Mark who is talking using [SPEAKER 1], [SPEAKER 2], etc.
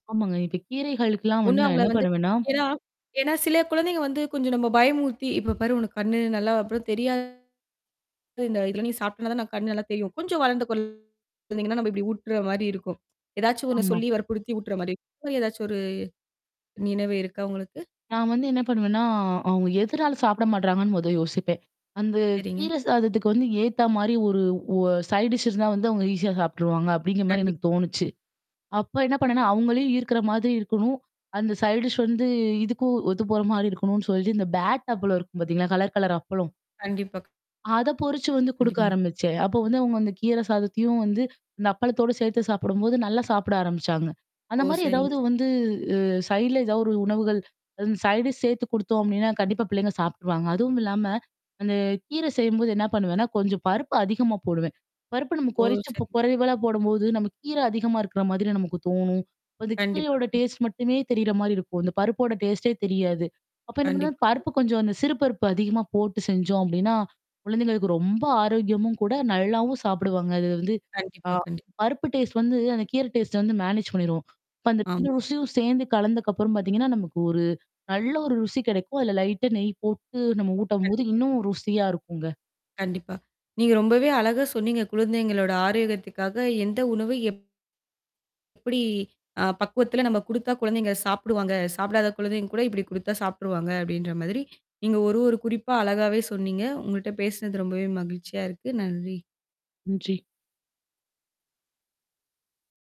[SPEAKER 1] ஆமாங்க. இப்ப கீரைகளுக்கெலாம்
[SPEAKER 2] ஒண்ணு
[SPEAKER 1] வந்து நான்
[SPEAKER 2] அவங்கள
[SPEAKER 1] என்ன
[SPEAKER 2] வந்து
[SPEAKER 1] பண்ணுவேன்னா
[SPEAKER 2] ஏனா, சில குழந்தைக வந்து கொஞ்சம் பயமுறுத்தி இப்போ பாரு உனக்கு கண்ணு நல்லா அப்புறம் தெரியாது. இந்த இதில நீ சாப்பிட்டினா தான் கண்ணு நல்லா தெரியும். கொஞ்சம் வளர்ந்த கொழந்தீங்கன்னா, நம்ம இப்டி ஊட்டுற மாரி இருக்கும். ஏதாச்சும் ஒண்ணு
[SPEAKER 1] ஆமா.
[SPEAKER 2] சொல்லி வற்புறுத்தி ஊட்டுற மாரி இருக்கும். இந்த மாரி ஏதாச்சும் ஒரு நினைவு இருக்கா உங்களுக்கு?
[SPEAKER 1] நான் வந்து என்ன பண்ணுவேன்னா, அவங்க எதனால சாப்பிட மாட்றாங்கன்னு முத யோசிப்பேன். அந்த
[SPEAKER 2] சரிங்க.
[SPEAKER 1] கீரை சாதத்துக்கு வந்து ஏத்த மாரி ஒரு ஒ சைட் டிஷ் இருந்தா வந்து அவங்க ஈஸியா சாப்பிட்டுருவாங்க, அப்டிங்கிற மாதரி
[SPEAKER 2] கண்டிப்
[SPEAKER 1] எனக்கு தோணுச்சு. அப்ப என்ன பண்ணேனா அவங்களையும் ஈர்க்குற மாதிரி இருக்கணும் அந்த சைட் டிஷ் வந்து இதுக்கும் ஒத்து போற மாரி இருக்கணும்னு சொல்லி இந்த பேட் அப்பளம் இருக்கும் பார்த்தீங்களா கலர் கலர் அப்பளம்.
[SPEAKER 2] கண்டிப்பா க்
[SPEAKER 1] அத பொறிச்சு வந்து குடுக்க
[SPEAKER 2] கண்டிப்பாங்க.
[SPEAKER 1] ஆரம்பிச்சேன். அப்போ வந்து அவங்க அந்த கீரை சாதத்தையும் வந்து அந்த அப்பளத்தோடு சேர்த்து சாப்பிடும்போது, நல்லா சாப்பிட ஆரம்பிச்சாங்க.
[SPEAKER 2] ஓ!
[SPEAKER 1] அந்த மாரி
[SPEAKER 2] சரிங்க.
[SPEAKER 1] எதாவது வந்து, அ சைடுல ஏதாவது ஒரு உணவுகள் அந்த சைட் டிஷ் சேர்த்து குடுத்தோம் அப்டினா, கண்டிப்பா பிள்ளைங்க சாப்ட்ருவாங்க. அதுவும் இல்லாம அந்த கீர செய்யும்போது என்ன பண்ணுவேன்னா கொஞ்சம் பருப்பு அதிகமா போடுவேன். பருப்பு நம்ம
[SPEAKER 2] ஓ!
[SPEAKER 1] குறைச்சி
[SPEAKER 2] சரிங்க.
[SPEAKER 1] குறைவாள போடும்போது நமக்கு கீரை அதிகமா இருக்குற மாதிரி நமக்கு தோணும். அப்ப அந்த
[SPEAKER 2] கண்டிப்பா.
[SPEAKER 1] கீரையோட
[SPEAKER 2] ம்.
[SPEAKER 1] டேஸ்ட் மட்டுமே தெரியிற மாரி இருக்கும். அந்த பருப்போட டேஸ்ட்டே தெரியாது. அப்போ என்ன பண்ணலாம்
[SPEAKER 2] கண்டிப்பா.
[SPEAKER 1] பருப்பு கொஞ்சம் அந்த சிறுபருப்பு அதிகமா போட்டு செஞ்சோம் அப்டின்னா, குழந்தைங்களுக்கு ரொம்ப ஆரோக்கியமும் கூட நல்லாவும் சாப்பிடுவாங்க. அதுல வந்து ஆ
[SPEAKER 2] கண்டிப்பா, கண்டிப்
[SPEAKER 1] பருப்பு டேஸ்ட் வந்து அந்த கீரை டேஸ்ட்ட வந்து மேனேஜ் பண்ணிரும். இப்ப அந்த
[SPEAKER 2] ஆமா.
[SPEAKER 1] 2 ருசியும் சேர்ந்து கலந்ததுக்கு அப்புறம் பார்த்தீங்கன்னா, நமக்கு ஒரு நல்ல ஒரு ருசி கிடைக்கும். அதில லைட்டா நெய் போட்டு நம்ம ஊட்டம்போது
[SPEAKER 2] கண்டிப்பா,
[SPEAKER 1] இன்னும்
[SPEAKER 2] கண்டிப்பா.
[SPEAKER 1] ருசியா இருக்குங்க.
[SPEAKER 2] கண்டிப்பா. நீங்க ரொம்பவே அழகா சொன்னீங்க குழந்தைங்களோட ஆரோக்கியத்துக்காக எந்த உணவு எப் எப்டி அ பக்குவத்தில் நம்ம குடுத்தா குழந்தைங்க சாப்பிடுவாங்க. சாப்பிடாத குழந்தைங்க கூட இப்டி குடுத்தா சாப்ட்ருவாங்க அப்டின்ற மாதிரி நீங்க ஒரு ஒரு குறிப்பா அழகாவே சொன்னீங்க. உங்கள்ட்ட பேசனது ரொம்பவே மகிழ்ச்சியா இருக்குது நன்றி.
[SPEAKER 1] நன்றி.